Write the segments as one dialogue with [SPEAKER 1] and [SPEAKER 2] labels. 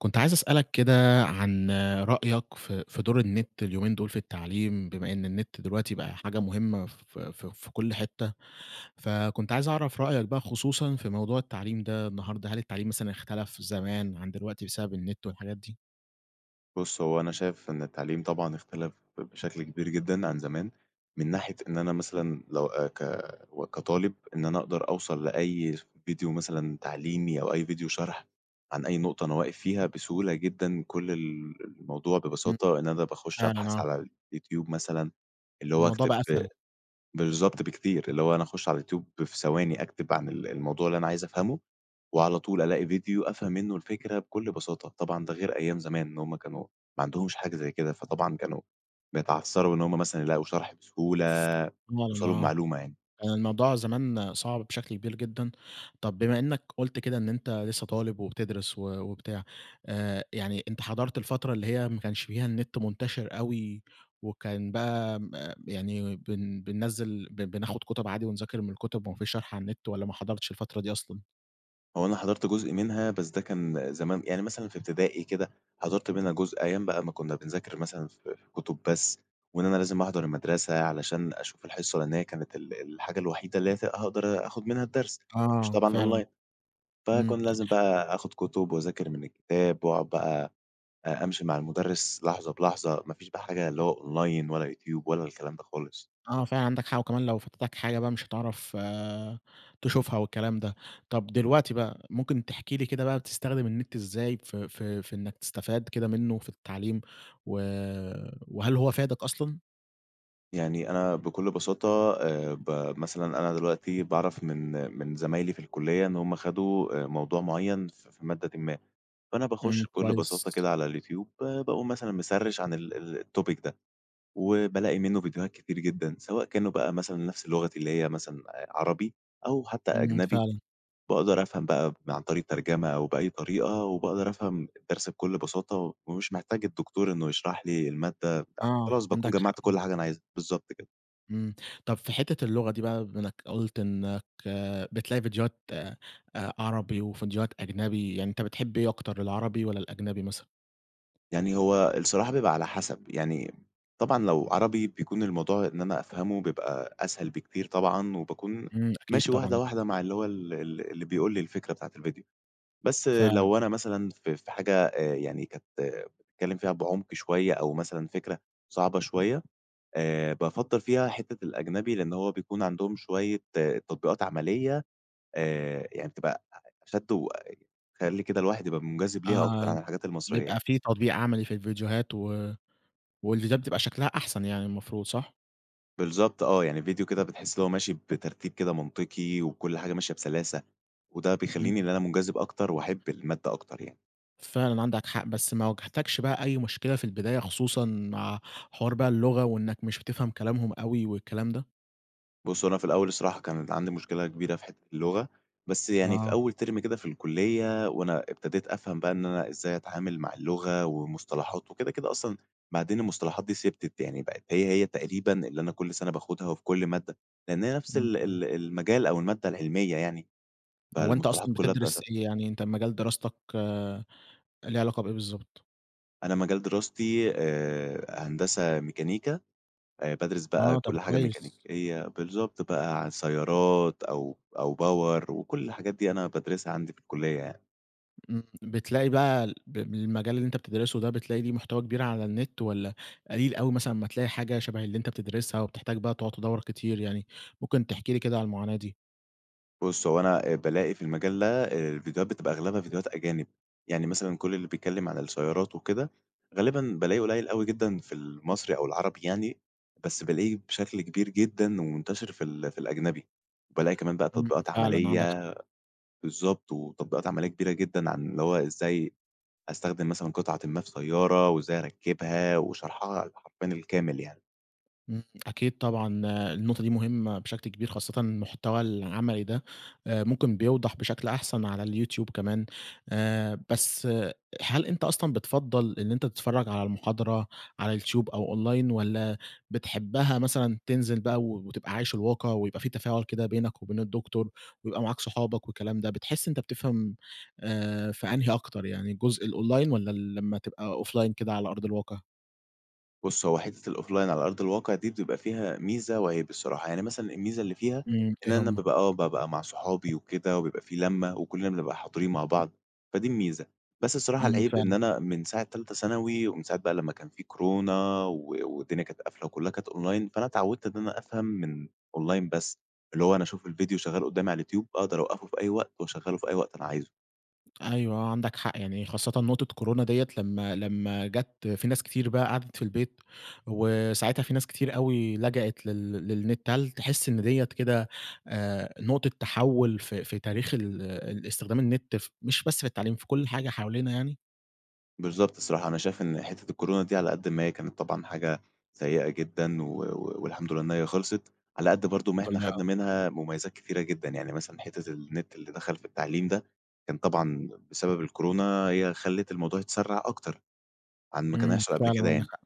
[SPEAKER 1] كنت عايز أسألك كده عن رأيك في في دور النت اليومين دول في التعليم، بما إن النت دلوقتي بقى حاجة مهمّة ف ف في كل حتّة، فكنت عايز أعرف رأيك بقى، خصوصًا في موضوع التعليم ده النهارده، هل التعليم مثلًا إختلف زمان عن دلوقتي بسبب النت والحاجات دي؟
[SPEAKER 2] بُص، هو أنا شايف إن التعليم طبعًا إختلف ب بشكل كبير جدًا عن زمان، من ناحية إن أنا مثلًا لو آآ ك كطالب إن أنا أقدر أوصل لأي ڤيديو مثلًا تعليمي، أو أي ڤيديو شرح عن أي نقطة أنا واقف فيها بسهولة جدًا. كل ال الموضوع
[SPEAKER 1] امم.
[SPEAKER 2] ببساطة إن أنا باخش
[SPEAKER 1] فعلًا،
[SPEAKER 2] أبحث
[SPEAKER 1] آه.
[SPEAKER 2] على الYouTube مثلًا اللي هو
[SPEAKER 1] الموضوع
[SPEAKER 2] أكتب
[SPEAKER 1] بقى أسهل.
[SPEAKER 2] بالضبط، بكتير اللي هو أنا أخش على الYouTube في ثواني أكتب عن ال الموضوع اللي أنا عايز أفهمه، وعلى طول ألاقي ڤيديو أفهم منّه الفكرة بكل بساطة. طبعًا ده غير أيام زمان، إن هم كانوا ما عندهمش حاجة زي كده، فطبعًا كانوا بيتعثروا إن هم مثلًا يلاقوا شرح بسهولة،
[SPEAKER 1] [unintelligible]
[SPEAKER 2] يوصلوا
[SPEAKER 1] آآ،
[SPEAKER 2] لمعلومة يعني.
[SPEAKER 1] الموضوع زمان صعب بشكل كبير جدًا. طب، بما إنّك قلت كده إن أنت لسّه طالب وبتدرس و وبتاع آآ، يعني أنت حضرت الفترة اللي هي ما كانش فيها النت منتشر أوي، وكان بقى م يعني بن بننزل ب بناخد كتب عادي ونذاكر من الكتب وما فيش شرح على النت، والّا ما حضرتش الفترة دي أصلًا؟
[SPEAKER 2] هو أنا حضرت جزء منها بس ده كان زمان، يعني مثلًا في ابتدائي كده، حضرت منها جزء أيام بقى ما كنا بنذاكر مثلًا ف في كتب بس، وإن أنا لازم أحضر المدرسة علشان أشوف الحصة لأن هي كانت ال الحاجة الوحيدة اللي هي ف هاقدر اخد منها الدرس، ما فيش
[SPEAKER 1] آه
[SPEAKER 2] طبعًا
[SPEAKER 1] فعلًا.
[SPEAKER 2] online فكان
[SPEAKER 1] امم.
[SPEAKER 2] لازم بقى اخد كتب، واذاكر من الكتاب، وأ أقعد بقى امشي مع المدرس لحظة بلحظة، ما فيش بقى حاجة اللي هو online ولا يوتيوب، ولا الكلام ده خالص.
[SPEAKER 1] آه فعلًا عندَك حق، وكمان لو فاتتَك حاجة بقى مش هتعرف تشوفها والكلام ده. طب دلوقتي بقى ممكن تحكي لي كده بقى بتستخدم النت إزاي ف ف في إنك تستفاد كده منه في التعليم؟ و وهل هو فادَك أصلًا؟
[SPEAKER 2] يعني أنا بكل بساطة آآ ب مثلًا أنا دلوقتي باعرف من من زمايلي في الكلية إن هم خدوا آآ، موضوع معين ف في مادةٍ ما، فأنا
[SPEAKER 1] امم
[SPEAKER 2] باخش بكل بساطة
[SPEAKER 1] كويس.
[SPEAKER 2] كده على اليوتيوب ب باقوم مثلًا مسرِّش عن ال ال الtopic ده، وبالاقي منه فيديوهات كتير جدًا، سواء كانوا بقى مثلًا نفس لغتي اللي هي مثلًا آآ عربي، أو حتى
[SPEAKER 1] امم
[SPEAKER 2] أجنبي.
[SPEAKER 1] فعلًا.
[SPEAKER 2] باقدر أفهم بقى ب عن طريق الترجمة أو بأي طريقة، وباقدر أفهم الدرس بكل بساطة، ومش محتاج الدكتور إنه يشرح لي المادة آآ،
[SPEAKER 1] آه
[SPEAKER 2] خلاص باكون
[SPEAKER 1] عندَك حق،
[SPEAKER 2] جمَّعت
[SPEAKER 1] امم.
[SPEAKER 2] كل حاجة أنا عايزها. بالضبط كده.
[SPEAKER 1] امم. طب في حتّة اللغة دي بقى بما إنّك قلت إنّك بتلاقي ڨيديوهات آآ، عربي، وڨيديوهات أجنبي، يعني أنت بتحب إيه أكتر العربي والّا الأجنبي مثلًا؟
[SPEAKER 2] يعني هو الصراحة بيبقى على حسب. يعني طبعًا لو عربي بيكون الموضوع إن أنا أفهمه بيبقى أسهل بكتير طبعًا، وباكون
[SPEAKER 1] امم. أكيد
[SPEAKER 2] ماشي واحدة
[SPEAKER 1] طبعًا، آه.
[SPEAKER 2] واحدة مع اللي هو ال ال اللي بيقول لي الفكرة بتاعة الڤيديو. بس
[SPEAKER 1] فعلًا.
[SPEAKER 2] لو أنا مثلًا في في حاجة آآ يعني كانت بتتكلّم فيها بعمق شويّة أو مثلًا فكرة صعبة شويّة آآ، بافضَّل فيها حتّة الأجنبي، لأن هو بيكون عندهم شويّة تطبيقات عمليّة آآ، يعني بتبقى أ أشد وتخلّي كده الواحد يبقى منجذب ليها أكتر
[SPEAKER 1] آه،
[SPEAKER 2] عن الحاجات المصريّة
[SPEAKER 1] بيبقى
[SPEAKER 2] يعني.
[SPEAKER 1] في تطبيق عملي في الڤيديوهات و والڤيديوهات بتبقى شكلها أحسن يعني المفروض، صح؟
[SPEAKER 2] بالضبط آه، يعني ڤيديو كده بتحس إن هو ماشي بترتيب كده منطقي وكل حاجة ماشية بسلاسة، وده
[SPEAKER 1] امم.
[SPEAKER 2] بيخليني إن أنا منجذب أكتر وأحب المادة أكتر يعني.
[SPEAKER 1] فعلًا عندك حق. بس ما واجهتكش بقى أي مشكلة في البداية خصوصًا مع حوار بقى اللغة، وإنّك مش بتفهم كلامهم أوي والكلام ده؟
[SPEAKER 2] بُص هو أنا في الأول الصراحة كانت عندي مشكلة كبيرة في حتة اللغة، بس يعني في
[SPEAKER 1] آه.
[SPEAKER 2] أول term كده في الكلية وأنا ابتديت أفهم بقى إن أنا إزاي أتعامل مع اللغة، ومصطلحات وكده، كده أصلًا بعدين المصطلحات دي ثِبتت، يعني بقت هي هي تقريبًا اللي أنا كل سنة باخدها وفي كل مادة، لأن هي نفس
[SPEAKER 1] امم،
[SPEAKER 2] ال
[SPEAKER 1] امم.
[SPEAKER 2] ال المجال أو المادة العلمية يعني،
[SPEAKER 1] هو أنتَ أصلًا
[SPEAKER 2] فالمصطلحات كلها
[SPEAKER 1] بتدرس
[SPEAKER 2] [unintelligible]
[SPEAKER 1] إيه؟ يعني أنتَ مجال دراستك ليه علاقة بإيه بالضبط؟
[SPEAKER 2] أنا مجال دراستي آآ، هندسة ميكانيكا آآ، بادرس بقى
[SPEAKER 1] آه طب
[SPEAKER 2] كل حاجة
[SPEAKER 1] كويس.
[SPEAKER 2] ميكانيكية. بالضبط بقى عن سيارات أو أو power وكل الحاجات دي أنا بادرسها عندي في الكلية يعني.
[SPEAKER 1] آمم بتلاقي بقى ال ب بالمجال اللي أنتَ بتدرسه ده بتلاقي ليه محتوى كبير على النت، والّا قليل أوي مثلًا أما تلاقي حاجة شَبَه اللي أنتَ بتدرسها وبتحتاج بقى تُقعد تدوَّر كتير؟ يعني ممكن تحكي لي كده على المعاناة دي.
[SPEAKER 2] بُص هو أنا آآ بالاقي في المجال ده آآ الفيديوهات بتبقى أغلبها فيديوهات أجانب، يعني مثلًا كل اللي بيتكلم عن السيارات وكده غالبًا بالاقي قُليل أوي جدًا في المصري أو العربي يعني، بس بالاقيه بشكل كبير جدًا، ومنتشر في ال في الأجنبي. وبالاقي كمان بقى
[SPEAKER 1] امم
[SPEAKER 2] تطبيقات
[SPEAKER 1] فعلًا عندك
[SPEAKER 2] عملية
[SPEAKER 1] حق.
[SPEAKER 2] بالضبط وتطبيقات عملية كبيرة جدًا عن اللي هو إزاي استخدم مثلًا قطعةٍ ما في سيارة، وإزاي اركّبها وشَرْحها حرفيًا الكامل يعني.
[SPEAKER 1] امم، أكيد طبعًا النقطة دي مهمة بشكل كبير خاصةً المحتوى العملي ده آآ ممكن بيوضح بشكل أحسن على اليوتيوب كمان، آآ بس هل أنتَ أصلًا بتفضَّل إن أنتَ تتفرج على المحاضرة على اليوتيوب، أو online والَّا بتحبها مثلًا تنزل بقى و وتبقى عايش الواقع، ويبقى في تفاعل كده بينك وبين الدكتور، ويبقى معاك صحابك والكلام ده؟ بتحس إن أنتَ بتفهم آآ، في أنهي أكتر، يعني جزء الonline والَّا لمّا تبقى offline كده على أرض الواقع؟
[SPEAKER 2] بُص هو حتّة الoffline على أرض الواقع دي، بتبقى فيها ميزة وعيب الصراحة، يعني مثلًا الميزة اللي فيها
[SPEAKER 1] امم، إيه
[SPEAKER 2] إن أنا
[SPEAKER 1] هم؟
[SPEAKER 2] بابقى آه بابقى مع صحابي وكده، وبيبقى في لمّة، وكلنا بنبقى حاضرين مع بعض، فدي الميزة. بس الصراحة
[SPEAKER 1] امم
[SPEAKER 2] العيب إن
[SPEAKER 1] فعلًا.
[SPEAKER 2] أنا من ساعة تالتة ثانوي، ومن ساعة بقى لمّا كان في كورونا، و والدنيا كانت قافلة وكلها كانت online فأنا اتعودت إن أنا أفهم من online بس اللي هو أنا أشوف الفيديو شغَّال قدامي على اليوتيوب أقدر اوقَّفه في أي وقت، واشغله في أي وقت أنا عايزه.
[SPEAKER 1] أيوه آه عندك حق يعني، خاصةً نقطة كورونا دِيَّة لمّا لمّا جات في ناس كتير بقى قعدت في البيت، وساعتها في ناس كتير أوي لجأت لل للنت. هل تحس إن دِيَّة كده آآ، نقطة تحول في في تاريخ ال الإستخدام النت ف مش بس في التعليم في كل حاجة حوالينا يعني؟
[SPEAKER 2] بالضبط، الصراحة أنا شايف إن حتّة الكورونا دي على قد ما هي كانت طبعًا حاجة سيئة جدًا و و والحمد لله إن هي خلصت، على قد برضو ما إحنا خدنا
[SPEAKER 1] [unintelligible]
[SPEAKER 2] منها مميزات كتيرة جدًا، يعني مثلًا حتّة النت اللي دخل في التعليم ده كان طبعًا بسبب الكورونا، هي خلت الموضوع يتسرع أكتر عن ما كان
[SPEAKER 1] امم
[SPEAKER 2] هيحصل قبل
[SPEAKER 1] فعلًا
[SPEAKER 2] كده
[SPEAKER 1] عندك
[SPEAKER 2] يعني.
[SPEAKER 1] حق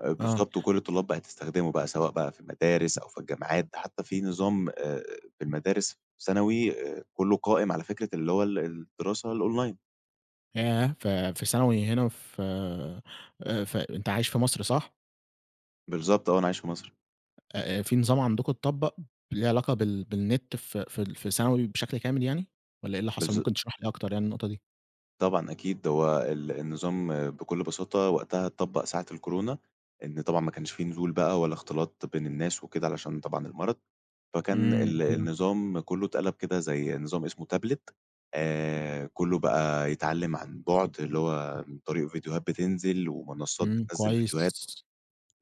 [SPEAKER 2] آآ
[SPEAKER 1] آه.
[SPEAKER 2] بالضبط، وكل الطلاب بقت تستخدمه بقى سواء بقى في المدارس أو في الجامعات، ده حتّى في نظام آآ، في المدارس ثانوي كلّه قائم على فكرة اللي هو ال الدراسة الأونلاين.
[SPEAKER 1] ياه! ف في ثانوي هنا ف آآ ف أنت عايش في مصر صح؟
[SPEAKER 2] بالضبط آه، أنا عايش في مصر.
[SPEAKER 1] آآ، في نظام عندكم اتطبق ليه علاقة بال بالنت ف فـي ال في ثانوي بشكل كامل يعني؟ والّا إيه اللي حصل؟
[SPEAKER 2] بالض
[SPEAKER 1] ممكن تشرح لي أكتر يعني النقطة دي.
[SPEAKER 2] طبعًا أكيد، هو ال النظام بكل بساطة وقتها اتطبق ساعة الكورونا، إن طبعًا ما كانش في نزول بقى ولا اختلاط بين الناس وكده علشان طبعًا المرض، فكان
[SPEAKER 1] امم.
[SPEAKER 2] ال
[SPEAKER 1] أيوه.
[SPEAKER 2] النظام كلّه اتقلب كده زي نظام إسمه تابلت آآ، كلّه بقى يتعلم عن بُعد، اللي هو من طريق ڤيديوهات بتنزل، ومنصات
[SPEAKER 1] امم
[SPEAKER 2] بتنزل ڤيديوهات.
[SPEAKER 1] كويس.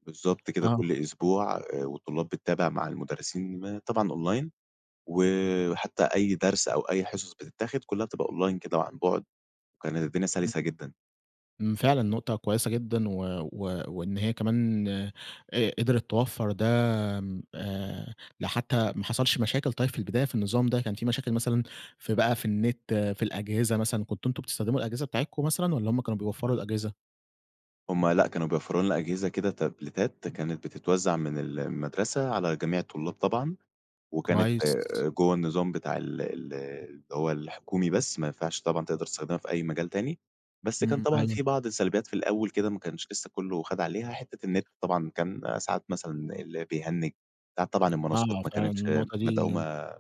[SPEAKER 2] بالضبط كده كل
[SPEAKER 1] آه.
[SPEAKER 2] أسبوع والطلاب بتتابع مع المدرسين م طبعًا أونلاين، وحتّى أي درس أو أي حصص بتتاخد كلّها بتبقى أونلاين كده وعن بُعد، وكانت الدنيا
[SPEAKER 1] امم.
[SPEAKER 2] سلسة جدًا.
[SPEAKER 1] امم، فعلًا نقطة كويّسة جدًا، و و وإن هي كمان ق قدرت توفر ده امم آآ، لحتى ما حصلش مشاكل طيّب في البداية في النظام ده، كان في مشاكل مثلًا في بقى في النت في الأجهزة مثلًا، كنتوا أنتم بتستخدموا الأجهزة بتاعتكم مثلًا والّا هم كانوا بيوفروا الأجهزة؟
[SPEAKER 2] هم لأ، كانوا بيوفروا لنا أجهزة كده تبليتات كانت بتتوزع من المدرسة على جميع الطلاب طبعًا، وكانت
[SPEAKER 1] كويس.
[SPEAKER 2] جوّه النظام بتاع ال ال اللي هو الحكومي بس، ما ينفعش طبعًا تقدر تستخدمها في أي مجال تاني. بس كان
[SPEAKER 1] امم،
[SPEAKER 2] طبعًا
[SPEAKER 1] أيوه.
[SPEAKER 2] في بعض السلبيات في الأوّل كده ما كانش لسّه كلّه خد عليها، حتّة النت طبعًا كان ساعات مثلًا اللي بيهنج، ساعات طبعًا المنصات
[SPEAKER 1] آه،
[SPEAKER 2] ما
[SPEAKER 1] فعلًا
[SPEAKER 2] كانتش
[SPEAKER 1] النقطة دي إمم.
[SPEAKER 2] مدعومة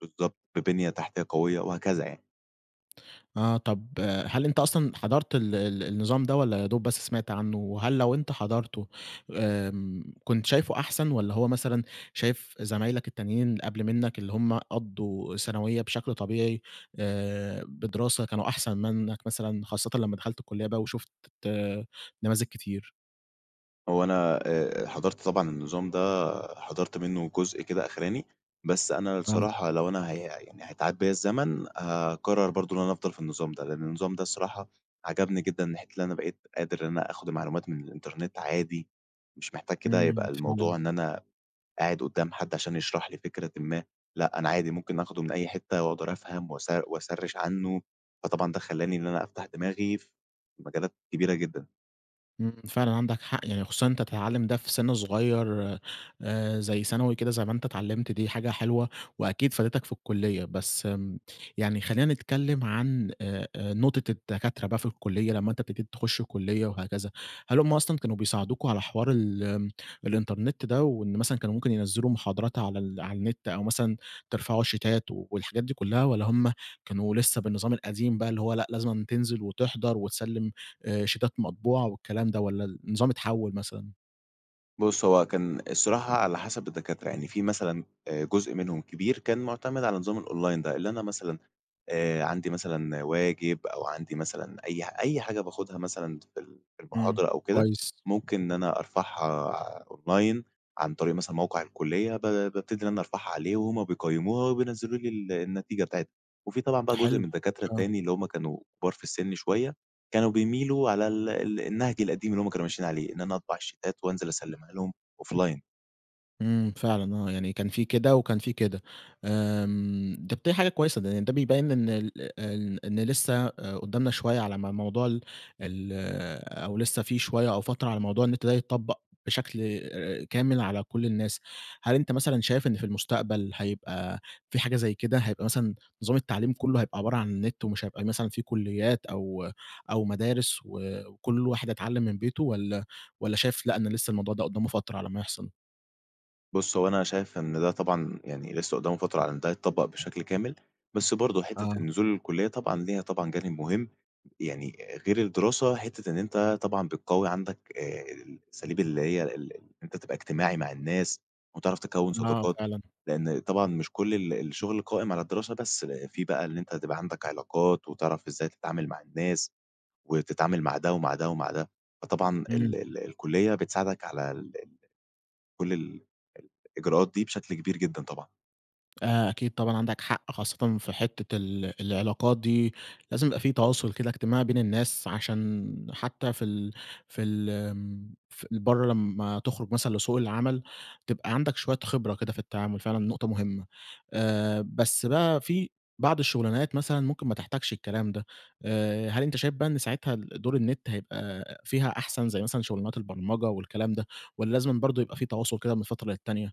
[SPEAKER 2] بالضبط ببنية تحتية قويّة، وهكذا يعني.
[SPEAKER 1] آه طب هل أنت أصلًا حضرت ال ال النظام ده، والّا يادوب بس سمعت عنّه؟ وهل لو أنت حضرته آمم، كنت شايفه أحسن، والّا هو مثلًا شايف زمايلك التانيين قبل منّك اللي هم قضّوا ثانوية بشكل طبيعي آآ، بدراسة كانوا أحسن منّك مثلًا، خاصة لمّا دخلت الكلية بقى وشُفت نماذج كتير؟
[SPEAKER 2] هو أنا آآ، حضرت طبعًا النظام ده حضرت منّه جزء كده أخراني، بس أنا
[SPEAKER 1] آه.
[SPEAKER 2] الصراحة لو أنا هي يعني هيتعاد بيّا الزمن هاقرر برضو إن أنا أفضل في النظام ده، لأن النظام ده الصراحة عجبني جدًا من ناحية اللي أنا بقيت قادر إن أنا أخد معلومات من الإنترنت عادي، مش محتاج كده يبقى
[SPEAKER 1] امم، فعلًا.
[SPEAKER 2] الموضوع إن أنا قاعد قدّام حد عشان يشرح لي فكرةٍ ما، لأ أنا عادي ممكن اخده من أي حتّة وأقدر أفهم واس واسرّش عنّه، فطبعًا ده خلّاني إن أنا أفتح دماغي في مجالات كبيرة جدًا.
[SPEAKER 1] امم، فعلًا عندك حق، يعني خصوصًا إن أنتَ تتعلم ده في سن صغيّر، آآ، زي ثانوي كده زي ما أنتَ اتعلمت دي حاجة حلوة، وأكيد فادتك في الكلية. بس امم، يعني خلِّينا نتكلّم عن آآ آآ، نقطة الدكاترة بقى في الكلية، لمّا أنتَ ابتديت تخش الكلية وهكذا، هل هم أصلًا كانوا بيساعدوكم على حوار ال الإنترنت ده، وإن مثلًا كانوا ممكن ينزلوا محاضرات على ال على النت، أو مثلًا ترفعوا شيتات والحاجات دي كلّها والّا هم كانوا لسّه بالنظام القديم بقى اللي هو لأ، لازمًا تنزل، وتحضر، وتسلم آآ، شيتات مطبوعة، والكلام ده والّا ال النظام اتحوّل مثلًا؟
[SPEAKER 2] بُص هو كان الصراحة على حسب الدكاترة، يعني في مثلًا آآ، جزء منهم كبير كان معتمد على نظام الأونلاين ده، اللي أنا مثلًا آآ، عندي مثلًا واجب، أو عندي مثلًا أي ح أي حاجة باخدها مثلًا في ال في
[SPEAKER 1] امم
[SPEAKER 2] المحاضرة أو كده،
[SPEAKER 1] كويس.
[SPEAKER 2] ممكن إن أنا أرفعها ع أونلاين، عن طريق مثلًا موقع الكلية ب بابتدي إن أنا أرفعها عليه، وهم بيقيموها وبينزلوا لي ال النتيجة بتاعتها. وفي طبعًا بقى جزء
[SPEAKER 1] حلو،
[SPEAKER 2] من الدكاترة
[SPEAKER 1] آه.
[SPEAKER 2] التاني اللي هم كانوا كبار في السن شويّة، كانوا بيميلوا على ال ال النهج القديم اللي هم كانوا ماشيين عليه، إن أنا أطبع الشيتات وأنزل أسلمها لهم أوفلاين.
[SPEAKER 1] امم، فعلًا آه، يعني كان في كده وكان في كده. آمم، طب، دي حاجة كويسة لأن ده بيبين إن ال إن إن لسه ق قدامنا شوية على ما موضوع ال ال أو لسه في شوية أو فترة على موضوع النت ده يتطبق بشكل آآ، كامل على كل الناس. هل أنت مثلًا شايف إن في المستقبل هيبقى في حاجة زي كده، هيبقى مثلًا نظام التعليم كله هيبقى عبارة عن النت، ومش هيبقى مثلًا في كليات أو أو مدارس و وكل واحد هيتعلم من بيته؟ والّا والّا شايف لأ، إن لسه الموضوع ده قدامه فترة على ما يحصل؟
[SPEAKER 2] بُص، هو أنا شايف إن ده طبعًا يعني لسه قدّامه فترة على إن ده يتطبق بشكل كامل، بس برضو حتّة
[SPEAKER 1] آه.
[SPEAKER 2] النزول للكلية طبعًا ليها طبعًا جانب مهم، يعني غير الدراسة، حتّة إن أنت طبعًا بتقوي عندك آآ، الأساليب اللي هي ال أنت تبقى إجتماعي مع الناس وتعرف تكوّن
[SPEAKER 1] آه،
[SPEAKER 2] صداقات.
[SPEAKER 1] فعلًا.
[SPEAKER 2] لأن طبعًا مش كل ال الشغل قائم على الدراسة بس، في بقى اللي أنت تبقى عندك علاقات وتعرف إزاي تتعامل مع الناس، وتتعامل مع ده ومع ده ومع ده، فطبعًا
[SPEAKER 1] امم.
[SPEAKER 2] ال ال الكلية بتساعدك على ال ال كل ال الإجراءات دي بشكل كبير جدًا، طبعًا.
[SPEAKER 1] آآ، أكيد طبعًا عندك حق خاصة في حتّة ال العلاقات دي، لازم يبقى في تواصل كده إجتماعي بين الناس عشان حتّى في ال في ال آمم، في برّه لمّا تخرج مثلًا لسوق العمل، تبقى عندك شويّة خبرة كده في التعامل فعلًا نقطة مهمّة. آآ، بس بقى في بعض الشغلانات مثلًا ممكن ما تحتاجش الكلام ده، آآ، هل أنت شايف بقى إن ساعتها ال دور النت هيبقى فيها أحسن زي مثلًا شغلانات البرمجة والكلام ده، والّا لازمًا برضو يبقى في تواصل كده من فترة للتانية؟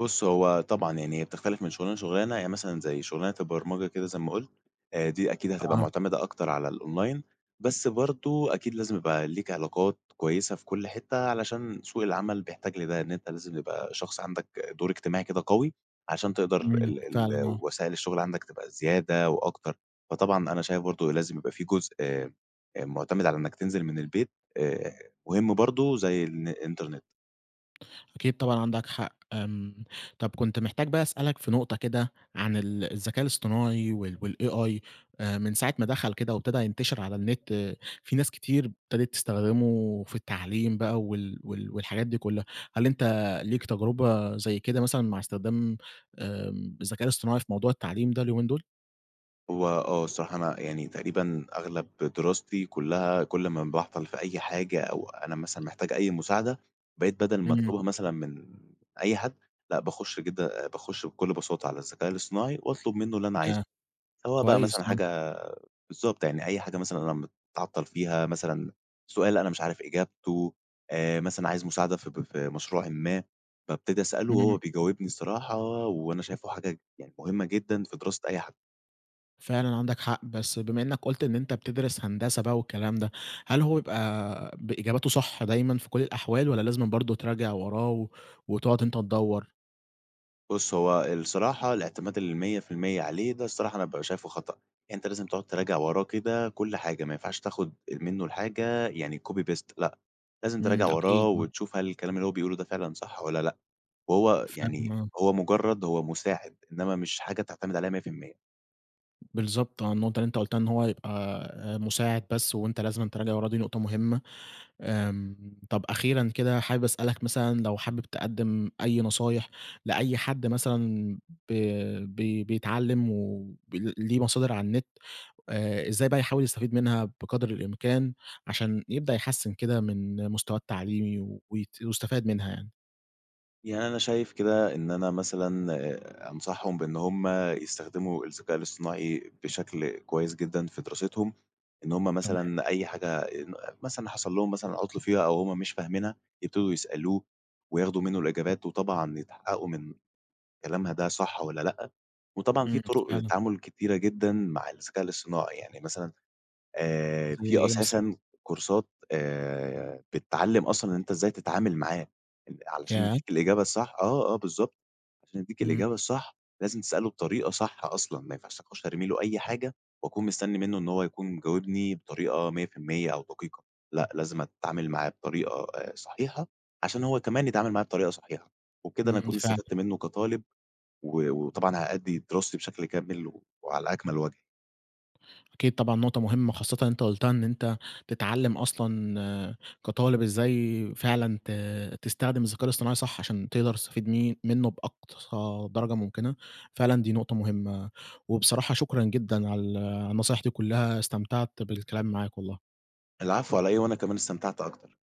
[SPEAKER 2] بُص هو طبعًا، يعني هي بتختلف من شغلانة لشغلانة، يعني مثلًا زي شغلانة البرمجة كده زي ما قلت، آآ دي أكيد هتبقى
[SPEAKER 1] آه.
[SPEAKER 2] معتمدة أكتر على الأونلاين، بس برضو أكيد لازم يبقى ليك علاقات كويّسة في كل حتّة علشان سوق العمل بيحتاج لده، إن أنت لازم يبقى شخص عندك دور إجتماعي كده قوي عشان تقدر
[SPEAKER 1] امم،
[SPEAKER 2] ال ال
[SPEAKER 1] فعلًا، آه.
[SPEAKER 2] وسائل الشغل عندك تبقى زيادة و أكتر. فطبعًا أنا شايف برضو لازم يبقى في جزء آآ معتمد على إنّك تنزل من البيت آآ، مهم برضو زي الن الإنترنت.
[SPEAKER 1] أكيد طبعًا عندك حق. آمم، طب كنت محتاج بقى أسألك في نقطة كده عن ال الذكاء الاصطناعي وال والAI آآ، من ساعة ما دخل كده وابتدى ينتشر على النت، في ناس كتير ابتدت تستخدمه في التعليم بقى وال وال والحاجات دي كلها، هل أنت ليك تجربة زي كده مثلًا مع إستخدام آمم، الذكاء الاصطناعي في موضوع التعليم ده اليومين دول؟
[SPEAKER 2] هو آه، الصراحة، أنا يعني تقريبًا أغلب دراستي كلها، كل ما باعطل في أي حاجة أو أنا مثلًا محتاج أي مساعدة، بقيت بدل ما
[SPEAKER 1] امم.
[SPEAKER 2] أطلبها مثلًا من أي حد، لأ، باخش كده باخش بكل بساطة على الذكاء الاصطناعي وأطلب منه اللي أنا عايزه.
[SPEAKER 1] آه،
[SPEAKER 2] سواء بقى
[SPEAKER 1] كويس
[SPEAKER 2] مثلًا
[SPEAKER 1] آه.
[SPEAKER 2] حاجة بالضبط، يعني أي حاجة مثلًا أنا متعطل فيها، مثلًا سؤال أنا مش عارف إجابته، آآ، مثلًا عايز مساعدة في ب في مشروعٍ ما، بأبتدي أسأله وهو
[SPEAKER 1] امم.
[SPEAKER 2] بيجاوبني الصراحة، وأنا شايفه حاجة يعني مهمة جدًا في دراسة أي حد.
[SPEAKER 1] فعلًا عندك حق، بس بما إنك قلت إن أنت بتدرس هندسة بقى والكلام ده، هل هو بيبقى بإجاباته صح دايمًا في كل الأحوال، والّا لازمًا برضه تراجع وراه و وتقعد أنت تدّور؟
[SPEAKER 2] بُص، هو الصراحة الإعتماد ال100% عليه ده الصراحة أنا بابقى شايفه خطأ. أنت لازم تقعد تراجع وراه كده كل حاجة، ما ينفعش تاخد منه الحاجة يعني copy paste لأ، لازم تراجع
[SPEAKER 1] امم، أكيد،
[SPEAKER 2] وراه
[SPEAKER 1] امم.
[SPEAKER 2] وتشوف هل الكلام اللي هو بيقوله ده فعلًا صح والّا لأ، وهو
[SPEAKER 1] فاهم
[SPEAKER 2] يعني
[SPEAKER 1] آه.
[SPEAKER 2] هو مجرد هو مساعد، إنما مش حاجة تعتمد عليها 100%.
[SPEAKER 1] بالضبط آه، النقطة اللي أنت قلتها إن هو يبقى آآ، مساعد بس، وأنت لازمًا تراجع وراه، دي نقطة مهمة. آمم، طب، أخيرًا كده حابب أسألك مثلًا لو حابب تقدم أي نصايح لأي حد مثلًا ب بـي بيتعلم ول ليه مصادر على النت، آآ، إزاي بقى يحاول يستفيد منها بقدر الإمكان عشان يبدأ يحسّن كده من مستواه التعليمي ويت ويستفاد منها يعني؟
[SPEAKER 2] يعني أنا شايف كده إن أنا مثلًا أنصحهم بإن هم يستخدموا الذكاء الاصطناعي بشكل كويّس جدًا في دراستهم. إن همّ
[SPEAKER 1] تمام.
[SPEAKER 2] مثلًا أي حاجة آآ ن مثلًا حصل لهم مثلًا عطل فيها أو هم مش فاهمينها يبتدوا يسألوه، وياخدوا منّه الإجابات وطبعًا يتحققوا من كلامها ده صح والّا لأ، وطبعًا في
[SPEAKER 1] امم.
[SPEAKER 2] طرق
[SPEAKER 1] فعلًا.
[SPEAKER 2] للتعامل كتيرة جدًا مع الذكاء الاصطناعي، يعني مثلًا آآ،
[SPEAKER 1] زي
[SPEAKER 2] في
[SPEAKER 1] إيه مثلًا؟
[SPEAKER 2] أساسًا كورسات آآ، بتعلم أصلًا إن أنت إزاي تتعامل معاه آآ علشان
[SPEAKER 1] ياه!
[SPEAKER 2] يدّيك الإجابة الصح، آه، آه، بالضبط، عشان يدّيك
[SPEAKER 1] امم.
[SPEAKER 2] الإجابة الصح لازم تسأله بطريقة صح أصلًا، ما ينفعش أخش أرمي له أي حاجة واكون مستنّي منّه إن هو يكون مجاوبني بطريقة 100% أو دقيقة. لأ، لازم اتعامل معاه بطريقة آآ صحيحة، عشان هو كمان يتعامل معايا بطريقة صحيحة. وكده أنا
[SPEAKER 1] امم.
[SPEAKER 2] أكون
[SPEAKER 1] فعلًا.
[SPEAKER 2] استفدت منّه كطالب، و وطبعًا هأدي دراستي بشكل كامل، وعلى أكمل وجه.
[SPEAKER 1] أكيد طبعًا، نقطة مهمّة خاصةً أنت قلتها إن أنت تتعلم أصلًا كطالب إزاي فعلًا ت تستخدم الذكاء الاصطناعي صح، عشان تقدر تستفيد م منّه بأقصى درجة ممكنة. فعلًا دي نقطة مهمّة، وبصراحة شكرًا جدًا على ال على النصايح دي كلّها، استمتعت بالكلام معاك والله.
[SPEAKER 2] العفو على إيه، وأنا كمان استمتعت أكتر.